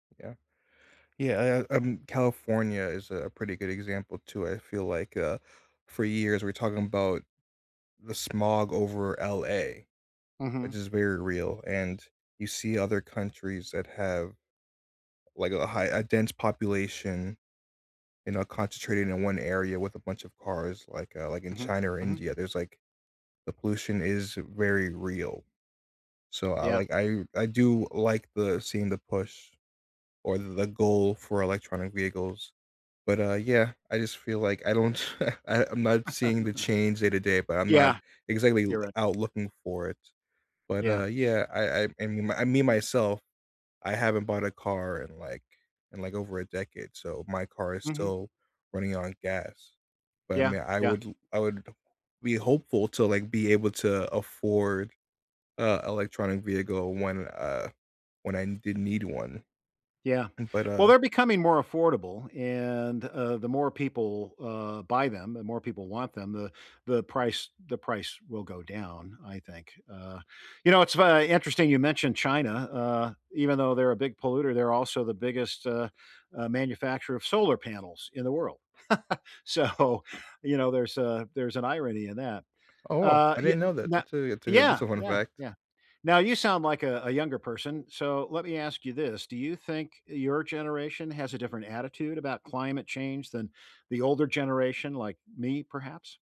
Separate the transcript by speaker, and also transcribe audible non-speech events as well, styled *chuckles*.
Speaker 1: Yeah. Yeah, uh uh um, California is a pretty good example, too, I feel like, uh, for years, we're talking 'bout the smog over LA. Which
Speaker 2: Mhm.
Speaker 1: is very real, and you see other countries that have, like, a high a dense population, you know, concentrated in one area with a bunch of cars, like, uh like, in
Speaker 2: Mhm,
Speaker 1: China or
Speaker 2: mhm.
Speaker 1: India, there's, like the pollution is very real. So I,
Speaker 2: Yeah.
Speaker 1: like I I do like the seeing the push. Or, the goal for electronic vehicles. But, uh, yeah, I just feel like I don't *chuckles* I I'm not seeing the
Speaker 2: *chuckles*
Speaker 1: change day to day, but I'm not
Speaker 2: Yeah.
Speaker 1: exactly l
Speaker 2: You're right.
Speaker 1: out looking for it. But,
Speaker 2: Yeah.
Speaker 1: uh, yeah, I I I mean I mean, myself? I haven't bought a car in, like in, like, over a decade, so my car is
Speaker 2: Mhm.
Speaker 1: still running on gas. But, I
Speaker 2: Yeah,
Speaker 1: mean, I
Speaker 2: yeah.
Speaker 1: would l I would be hopeful to, like, be able to afford, uh, electronic vehicle when, uh, when I n did need one.
Speaker 2: Yeah,
Speaker 1: Mm but,
Speaker 2: well
Speaker 1: uh
Speaker 2: they're becoming more affordable and, uh, the more people, uh, buy them, the more people want them, the the price the price will go down, I think, uh, you know, it's fu uh, interesting you mentioned China, uh, even though they're a big polluter, they're also the biggest, uh uh, manufacturer of solar panels in the world. *chuckles* So, you know, there's a there's an irony in that.
Speaker 1: Oh, well,
Speaker 2: Uh,
Speaker 1: I
Speaker 2: yeah
Speaker 1: didn't
Speaker 2: n
Speaker 1: know
Speaker 2: n
Speaker 1: that,
Speaker 2: no
Speaker 1: that's a that's a good
Speaker 2: yeah!
Speaker 1: that's a fun
Speaker 2: Yeah,
Speaker 1: fact.
Speaker 2: yeah. Now, you sound like a a younger person, so, let me ask you this, do you think your generation has a different attitude about climate change than the older generation, like me, perhaps?